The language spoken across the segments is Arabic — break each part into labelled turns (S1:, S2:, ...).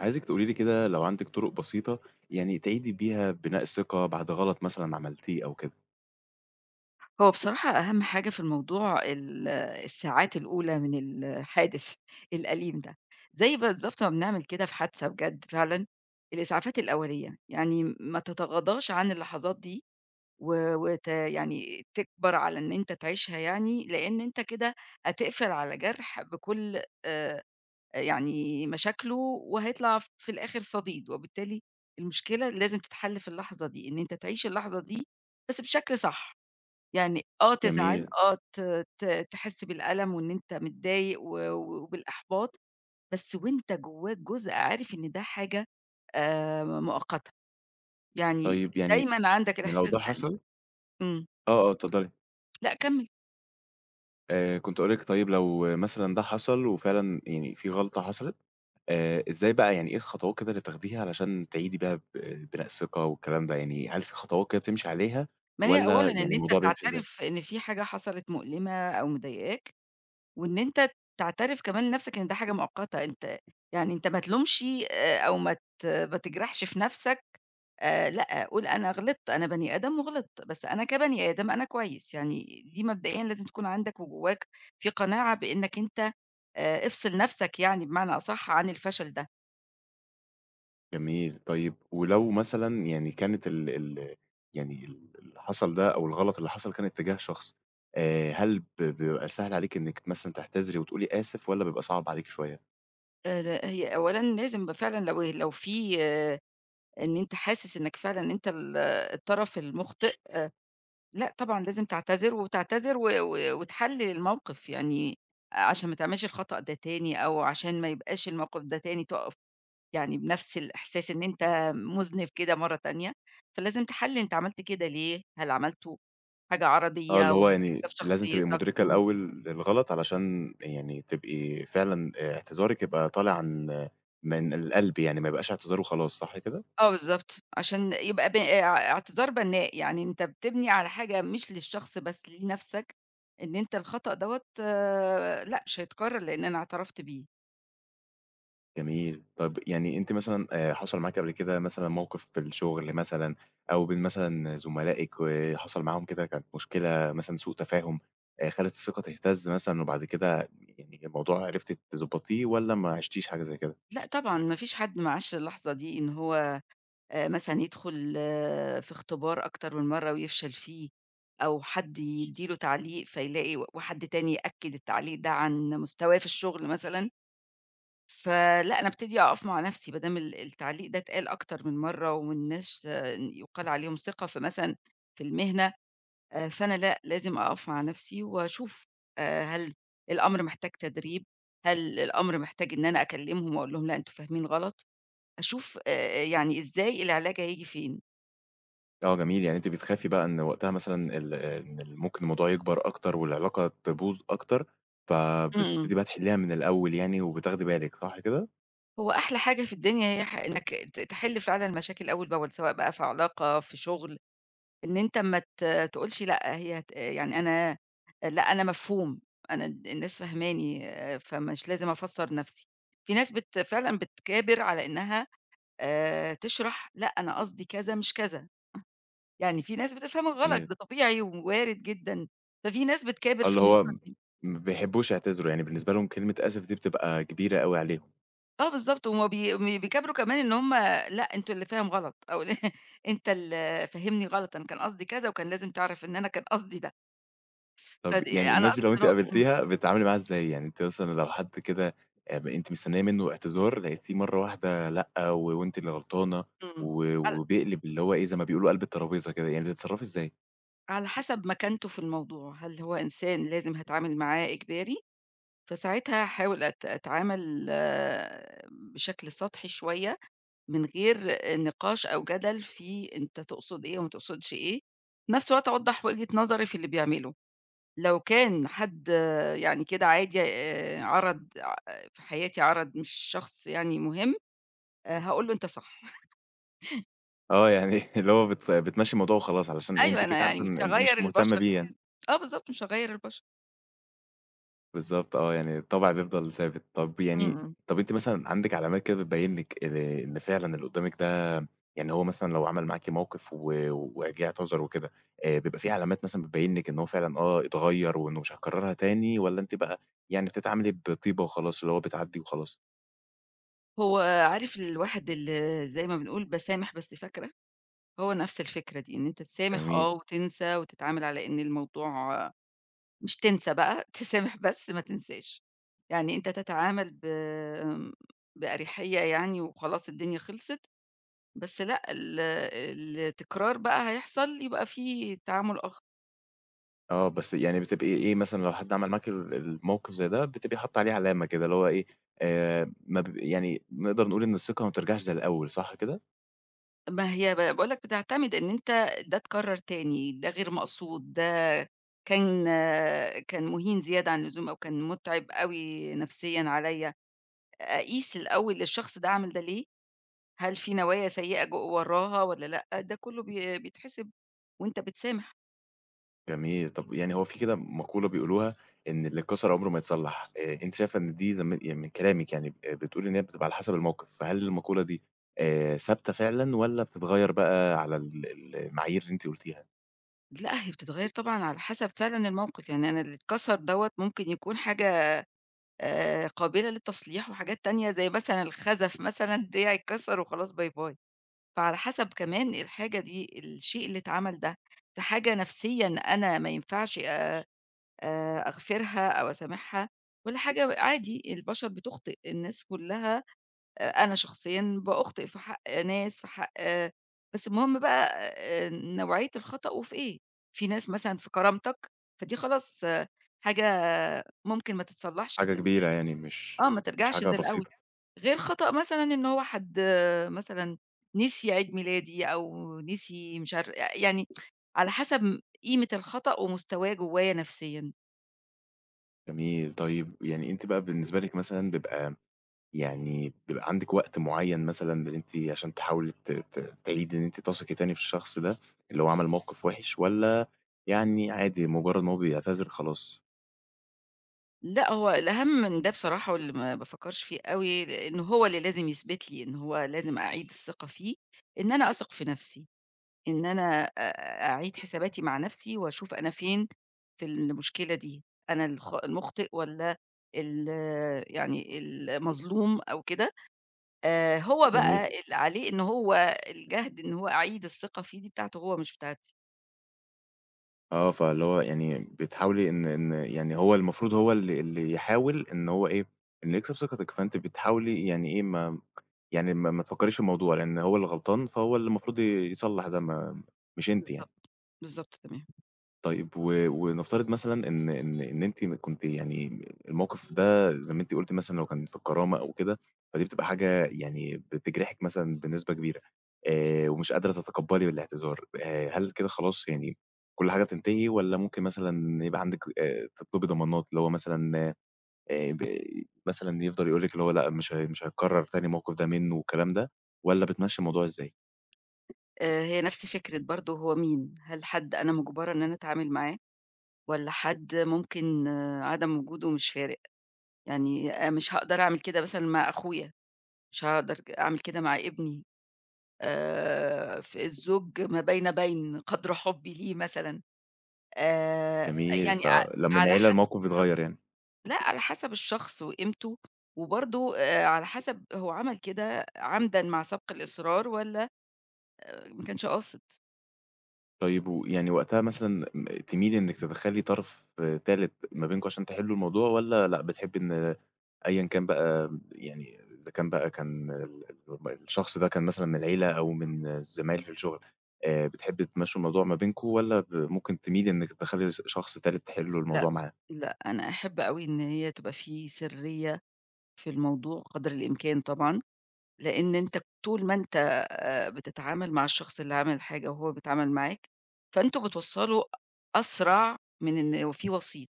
S1: عايزِك تقولي لي كده لو عندِك طرق بسيطة يعني تعيدي بيها بناء الثقة بعد غلط مثلًا عملتيه أو كده؟
S2: هو بصراحة أهم حاجة في الموضوع ال الساعات الأولى من الحادث الأليم ده. زي بالضبط ما بنعمل كده في حادثة بجد فعلًا الإسعافات الأولية، يعني م ما تتغاضىش عن اللحظات دي و وت يعني تكبر على إن أنت تعيشها يعني، لإن أنت كده هتقفل على جرح بكل آآ، آآ، يعني مشاكله وهيطلع ف في الآخر صديد، وبالتالي المشكلة لازم تتحل في اللحظة دي، إن أنت تعيش اللحظة دي بس بشكل صح، يعني آه تزعل
S1: جميل.
S2: آه ت ت تحس بالألم وإن أنت متضايق و و وبالإحباط بس وأنت جوّاك جزء عارف إن ده حاجة آآ، ما مؤقتة يعني
S1: طيب يعني
S2: دايمًا عندك
S1: م لو
S2: الإحساس
S1: ده
S2: ده إن
S1: حصل
S2: إمم.
S1: آه، آه اتفضلي.
S2: لأ كمّل.
S1: آآ، كنت هاقول لِك طيب لو مثلًا ده حصل وفعلاً يعني في غلطة حصلت آآ، إزاي بقى يعني إيه الخطوات كده اللي بتاخديها علشان تعيدي بيها ب بناء الثقة والكلام ده يعني، هل في خطوات كده بتمشي عليها
S2: ما هي أولًا
S1: والّا
S2: إن
S1: يعني
S2: أنت
S1: الموضوع بيمشي إزاي؟
S2: تعترف إن في حاجة حصلت مؤلمة أو مضايقاك، وإن أنت تعترف كمان لنَفْسك إن ده حاجة مؤقتة، أنت يعني أنت ما تلومش ي آآ، أو ما ت ما تجرحش في نَفْسك آآ لأ، قول أنا غلطت أنا بَني آدم وغلطت، بس أنا كبَني آدم أنا كويس يعني، دي مبدئيًا لازم تكون عندك وجوّاك في قناعة بإنّك أنت آآ، افصل نَفْسك يعني بمعنى أصح عن الفشل ده.
S1: جميل، طيب ولو مثلًا يعني كانت ال ال يعني ال اللي حصل ده، أو الغلط اللي حصل، كان اتجاه شخصي، آآ هل ب بيبقى سهل عليكِ إنِّك مثلًا تعتذري وتقولي آسف، والّا بيبقى صعب عليكِ شوية؟
S2: آآ لأ، هي أولًا لازم ب فعلًا، لو لو في إن أنت حاسس إنِّك فعلًا أنت ال الطرف المُخطئ، آآ لأ طبعًا، لازم تعتذر، وتعتذر، و و وتحلل الموقِف يعني، عشان ما تعملش الخطأ ده تاني، أو عشان ما يبقاش الموقِف ده تاني، تقف يعني بنَفْس الإحساس إن أنت مذنب كده مرّة تانية، فلازم تحلل أنت عملت كده ليه، هل عملته حاجة
S1: آه،
S2: عرضيّة،
S1: اللي هو
S2: والّا دي
S1: يعني
S2: اختلاف
S1: لازم تبقي
S2: شخصيتك؟
S1: مدركة
S2: إمم.
S1: الأول للغلط، علشان يعني تبقي فعلًا اعتذارِك يبقى طالع عن من القلب يعني، ما يبقاش اعتذار وخلاص، صح كده؟
S2: آه بالضبط، عشان يبقى ب أ اعتذار بنّاء يعني، أنت بتبني على حاجة، مش للشخص بس، لنَفْسك، إن أنت الخطأ دَوّة، لأ، مش هيتكرر، لإن أنا اعترفت بيه.
S1: جميل، طَب يعني أنتِ مثلًا آآ حصل معاكِ قبل كده مثلًا موقِف في الشُغل مثلًا، أو بين مثلًا زملائِك، وحصل معاهم كده كانت مشكلة مثلًا، سوء تفاهم، آآ خلّت الثقة تهتز مثلًا، وبعد كده يعني، إن الموضوع عرفتِ تضبطيه، والّا ما عِشتيش حاجة زي كده؟
S2: لأ، طبعًا ما فيش حد ما عاشْش اللحظة دي، إن هو آآ مثلًا يدخل في إختبار أكتر من مرّة، ويفشل فيه، أو حد يدّي له تعليق، فيلاقي و وحد تاني يأكد التعليق ده عن مستواه في الشُغل مثلًا، فلأ، أنا أبتدي أقف مع نَفْسي، با دام ال التعليق ده اتقال أكتر من مرّة، ومن ناس ش إن يقال عليهم ثقة في مثلًا في المهنة، آآ فأنا لأ، لازم أقف مع نَفْسي، واشوف آآ هل الأمر محتاج تدريب؟ هل الأمر محتاج إن أنا أكلمهم، وأقول لهم لأ، أنتم فاهمين غلط؟ أشوف آآ يعني إزاي العلاج هييجي فين؟
S1: آه جميل، يعني أنتِ بتخافي بقى إن وقتها مثلًا ال إن ممكن الموضوع يكبر أكتر والعلاقة تبوظ أكتر،
S2: امم.
S1: فبتبتدي بقى تحِلّيها من الأول يعني وبتاخدي بالِك صح كده؟
S2: هو أحلى حاجة في الدنيا هي ح إنك ت تحل فعلًا المشاكل أول بأول، سواء بقى في علاقة في شغل، إن أنت ما ت آآ، تقولش لأ هي ت يعني أنا لأ أنا مفهوم، أنا ال الناس فاهماني آآ، فمش لازم أفسر نفسي، في ناس بت فعلًا بتكابر على إنها آآ، تشرح "لأ، أنا قصدي كذا مش كذا." يعني في ناس بتفهمك غلط
S1: جميل.
S2: ده طبيعي و وارد جدًا، ففي ناس بتكابر
S1: آه، اللي
S2: في
S1: هو
S2: النقطة دي.
S1: ما بيحبوش يعتذروا، يعني بالنسبة لهم كلمة آسف دي بتبقى كبيرة أوي عليهم.
S2: آه بالضبط، وما بي وبيكابروا كمان إن هُم لأ، أنت اللي فاهم غلط، أو أنت اللي فاهمني غلط، أنا كان قصدي كذا وكان لازم تعرف إن أنا كان قصدي ده.
S1: طَب
S2: فدي
S1: يعني
S2: أنا
S1: الناس دي
S2: قصدي
S1: لو أنتِ
S2: أنا امم.
S1: قابلتيها بتتعاملي معاها إزاي؟ يعني أنتِ مثلًا لو حد كده آب أنتِ مستنية منه اعتذار لقيتيه مرة واحدة لأ، و وأنتِ اللي غلطانة
S2: امم،
S1: و
S2: هل
S1: وبيقلب اللي هو إيه؟ زي ما بيقولوا قلب الترابيزة كده، يعني بتتصرّفي إزاي؟
S2: على حسب مكانته في الموضوع، هل هو إنسان لازم هاتعامل معاه إجباري؟ فساعتها هاحاول أت أتعامل بشكل سطحي شوية، من غير النقاش أو جدل في أنت تقصد إيه وما تقصدش إيه؟ في نفس الوقت أوضح وجهة نظري في اللي بيعمله، لو كان حد يعني كده عادي آآ، عرض [unintelligible] في حياتي عرض مش شخص يعني مُهِم آآ، هاقول له أنت صح.
S1: آه، يعني اللي هو بت بتمشي الموضوع وخلاص علشان إيه؟ أنتِ
S2: أيوه،
S1: كده
S2: أنا
S1: كده
S2: يعني
S1: عارفة
S2: مش
S1: إن إن
S2: هاغيّر
S1: مش مهتمة
S2: البشر
S1: بيه
S2: يعني
S1: يعني.
S2: آه، بالضبط مش هاغيّر البشر.
S1: بالضبط آه، يعني الطبع بيفضل ثابت، طَب
S2: امم،
S1: يعني
S2: امم.
S1: طب أنتِ مثلًا عندك علامات كده بتبين لك آآ، إن فعلًا اللي قدامِك ده يعني هو مثلًا لو عمل معاكِ موقف و وجه اعتذر وكده آآ بيبقى فيه علامات مثلًا بتبين لِك إن هو فعلًا آه اتغير وإنه مش هيكررها تاني، والّا أنتِ بقى يعني بتتعاملي بطيبة وخلاص اللي هو بتعدي وخلاص؟
S2: هو عارف الواحد اللى زي ما بنقول باسامح بس فاكرة؟ هو نفس الفكرة دي، إن أنت تسامح
S1: جميل.
S2: آه، وتنسى، وتتعامل على إن الموضوع مش تنسى بقى تسامح بس ما تنساش، يعني أنت تتعامل ب آمم، بأريحية يعني وخلاص الدنيا خلصت، بس لأ ال التكرار بقى هيحصل يبقى فيه تعامل آخر.
S1: آه، بس يعني بتبقي إيه مثلًا لو حد عمل معاكِ ال الموقِف زي ده بتبقي حاطة عليه علامة كده، اللي هو إيه آآ، ما ب يعني نقدر نقول إن الثقة ما بترجعش زي الأول صح كده؟
S2: ما هي ب باقول لك بتعتمد إن أنت ده اتكرر تاني، ده غير مقصود، ده كان كان مُهين زيادة عن اللزوم أو كان متعِب أوي نفسيًا عليّا، أقيس الأول الشخص ده عمل ده ليه، هل في نوايا سيئة جو وراها والّا لأ؟ ده كُلّه بي بيتحسب وأنت بتسامح.
S1: جميل، طَب يعني هو في كده مقولة بيقولوها إن اللي اتكسر عمره ما يتصلّح آآ، أنتِ شايفة إن دي لم يعني من كلامِك يعني آآ، بتقُولِي إن هي بتبقى على حسب الموقِف فهل المقولة دي آآ، ثابتة فعلًا والّا بتتغيّر بقى على ال ال المعايير اللي أنتِ قُولتيها؟
S2: لأ، هي بتتغيّر طبعًا على حسب فعلًا الموقِف، يعني أنا اللي اتكسر دوّة ممكن يكون حاجة آآ، قابلة للتصليح وحاجات تانية زي مثلًا الخزف مثلًا ديّه يتكسر وخلاص باي باي. فعلى حسب كمان الحاجة دي الشيء اللي اتعمل ده في حاجة نفسيًا أنا ما ينفعش آآ، أغفرها أو أسامحها والّا حاجة و عادي البشر بتخطئ الناس كُلها آآ، أنا شخصيًا بأخطئ في حق ناس في حق بس المهم بقى آآ، نوعية الخطأ وفي إيه، في ناس مثلًا في كرامتك فدي خلاص حاجة ممكن ما تتصلّحش
S1: حاجة
S2: من
S1: كبيرة يعني، مش
S2: آه، ما
S1: مش
S2: ترجعش
S1: حاجة
S2: زي الأول
S1: بسيطة.
S2: غير خطأ مثلًا إن هو حد آآ، مثلًا نسي عيد ميلادي أو نسي مش عارف يعني على حسب م قيمة الخطأ ومستواه جوايا نفسيًا.
S1: جميل، طيب يعني أنتِ بقى بالنسبة لِك مثلًا بيبقى يعني بيبقى عندِك وقت معين مثلًا إن أنتِ عشان تحاولي ت ت تعيدي إن أنتِ تثقي تاني في الشخص ده اللي هو عمل موقف وحش، والّا يعني عادي مجرد إن هو بيعتذر خلاص؟
S2: لأ هو الأهم من ده بصراحة واللي ما بافكرش فيه أوي، إن هو اللي لازم يثبت لي إن هو لازم أعيد الثقة فيه، إن أنا أثق في نفسي، إن أنا أ أعيد حساباتي مع نفسي وأشوف أنا فين في المشكلة دي، أنا الخ المخطئ والّا ال يعني المظلوم أو كده. آآ، هو بقى
S1: جميل.
S2: اللي عليه إن هو الجهد إن هو أعيد الثقة فيه دي بتاعته هو مش بتاعتي.
S1: آه، فاللي هو يعني بتحاولي إن إن يعني هو المفروض هو اللي اللي يحاول إن هو إيه؟ إنه يكسب ثقتك فأنتِ بتحاولي يعني إيه ما يعني ما ما تفكريش في الموضوع، لإن هو اللي غلطان فهو اللي المفروض ي يصلح ده ما مش أنتِ يعني.
S2: بالضبط، بالضبط، تمام.
S1: طيب و ونفترض مثلًا إن إن إن أنتِ كنتِ يعني الموقف ده زي ما أنتِ قُلتِ مثلًا لو كان في الكرامة أو كده فدي بتبقى حاجة يعني بتجرحِك مثلًا بنسبة كبيرة آآ، ومش قادرة تتقبلي الاعتذار آآ، هل كده خلاص يعني كل حاجة بتنتهي والّا ممكن مثلًا يبقى عندك آآ، تطلبي ضمانات اللي هو مثلًا [unintelligible] مثلًا يفضل يقول لِك اللي هو لأ مش هي مش هيتكرر تاني الموقف ده منه والكلام ده، والا بتمشي الموضوع إزاي؟
S2: آآ، هي نفس فكرة برضه هو مين، هل حد أنا مجّبرة إن أنا أتعامِل معاه والّا حد ممكن آآ، عدم وجوده مش فارق، يعني أ مش هاقدر أعمِل كده مثلًا مع أخويا مش هاقدر ك أعمِل كده مع ابني آآ، في الزوج ما بين بين قدر حُبّي ليه مثلًا آآ،
S1: جميل،
S2: يعني ع
S1: فلمّا ن
S2: على
S1: عيله
S2: حسب
S1: الموقِف بيتغيّر يعني.
S2: لأ على حسب الشخص وقيمته، وبرضه آآ، على حسب هو عمل كده عمدًا مع سبْق الإصرار والّا آآ، ما كانش قاصد.
S1: طيب ويعني وقتها مثلًا م تميلِي إنِك تدخّلي طرف آآ تالت ما بينكم عشان تحلّوا الموضوع والّا لأ بتحبي إن أيًا كان بقى ب يعني إذا كان بقى كان ال اللي هُم الشخص ده كان مثلًا من العيلة أو من الزمايل في الشغل آآ، بتحبي تمشّوا الموضوع ما بينكم والّا ب ممكن تميلي إنِك تدخّلي س شخص تالت تحلّوا الموضوع
S2: لأ،
S1: معاه؟
S2: لأ، أنا أحب أوي إن هي تبقى في سرّية في الموضوع قدر الإمكان طبعًا، لإن أنت طول ما أنت آآ، بتتعامل مع الشخص اللي عامل الحاجة وهو بيتعامل معاك، فأنتم بتوصّلوا أسرع من إن وفيه وسيط،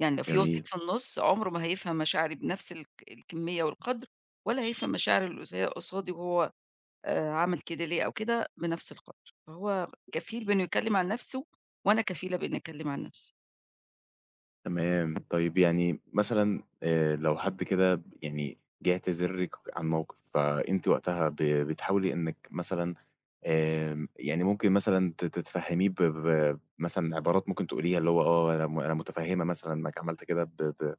S2: يعني لو في وسيط
S1: جميل.
S2: في النُص عمره ما هيفهم مشاعري بنَفْس الك الكميّة والقدر، ولا هيفهم مشاعر اللي اص قصادي وهو آآ، عمل كده ليه أو كده بنَفْس القدر فهو كفيل بإنه يتكلّم عن نَفْسه وأنا كفيلة بإني أتكلم عن نَفْسي.
S1: تمام، طيب يعني مثلًا آآ، لو حد كده يعني ب جِه اعتذرلِك ك عن موقِف فأنتِ وقتها ب بتحاولي إنِّك مثلًا آمم، يعني ممكن مثلًا ت تفهميه ب ب ب مثلًا، عبارات ممكن تقوليها اللي هو آه أنا م أنا متفهمة مثلًا إنّك عملت كده ب ب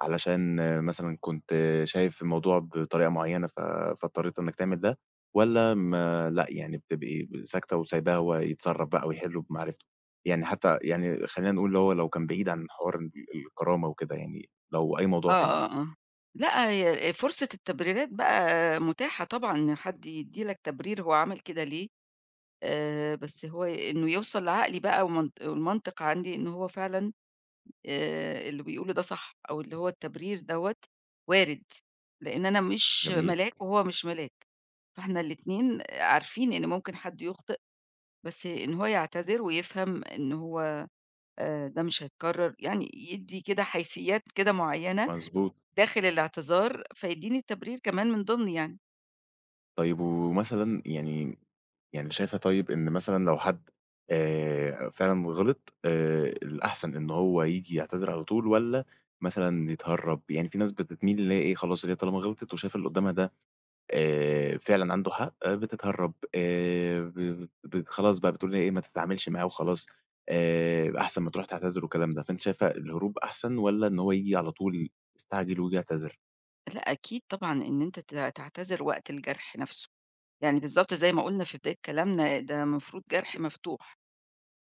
S1: علشان مثلًا كنت شايف الموضوع بطريقة معيّنة ف فاضطريت إنّك تعمل ده، والّا ما لأ يعني بتبقي ب ساكتة وسايباه هو يتصرّف بقى ويحلّه بمعرفته؟ يعني حتى يعني خلّينا نقول اللي هو لو كان بعيد عن حوار الب الكرامة وكده يعني لو أي
S2: آه،
S1: موضوع تاني؟
S2: آه، آه. لأ، هي آآ، فرصة التبريرات بقى مُتاحة طبعًا، إن حد يدّي لك تبرير هو عمل كده ليه آآ، بس هو ي إن يوصل لعقلي بقى ومن والمنطق عندي إن هو فعلًا آآ، اللي بيقوله ده صح أو اللي هو التبرير دَوّة وارد، لإن أنا مش
S1: جميل.
S2: ملاك، وهو مش ملاك، فاحنا الاتنين آآ، عارفين إن ممكن حد يُخطئ، بس إن هو يعتذر ويفهم إن هو آآ، ده مش هيتكرر يعني يدّي كده حيسيات كده معيّنة
S1: مضبوط.
S2: داخل الإعتذار، فيدّيني تبرير كمان من ضِمن يعني.
S1: طيب ومثلًا يعني يعني شايفة طيب إن مثلًا لو حد آآ، فعلًا غلط آآ، الأحسن إن هو ييجي يعتذر على طول والّا مثلًا يتهرب؟ يعني فيه ناس بتتميل اللي هي إيه خلاص هي طالما غلطت وشايفة اللي قدامها ده آآ، فعلًا عنده حق آآ، بتتهرب آآ، ب ب خلاص بقى بتقول إن هي إيه ما تتعاملش معاه وخلاص آآ، أحسن ما تروح تعتذر والكلام ده فأنتِ شايفة الهروب أحسن والّا إن هو ييجي على طول يستعجل وييجي يعتذر؟
S2: لأ أكيد طبعًا إن أنت ت تعتذر وقت الجرح نفسه، يعني بالضبط زي ما قُلنا في بداية كلامنا، ده مفروض جرح مفتوح،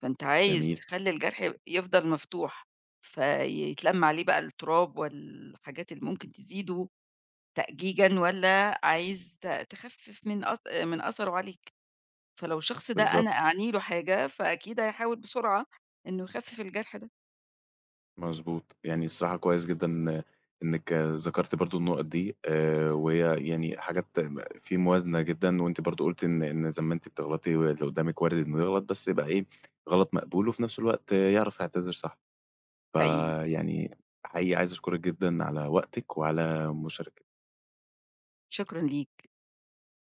S2: فأنت عايز
S1: جميل.
S2: تخلي الجرح ي يفضل مفتوح، فيتلم عليه بقى التراب وال حاجات اللي ممكن تزيده تأجيجًا، والّا عايز ت تخفف من أث آآ، من أثره عليك؟ فلو الشخص ده
S1: بالضبط.
S2: أنا أعني له حاجة فأكيد هيحاول بسرعة إنه يخفف الجرح ده.
S1: مضبوط، يعني الصراحة كويس جدًا إن إنك ذكرتِ برضو النقط دي آآ، وهي يعني حاجات تم فيه موازنة جدًا وأنتِ برضو قُلتِ إن إن زي ما أنتِ بتغلطي واللي قدامِك وارد إنه يغلط بس يبقى إيه؟ غلط مقبول وفي نفس الوقت آآ، يعرف يعتذر صح
S2: حقيقي.
S1: فيعني حقيقي عايز أشكرِك جدًا على وقتِك وعلى مشاركتِك.
S2: شكرًا ليك.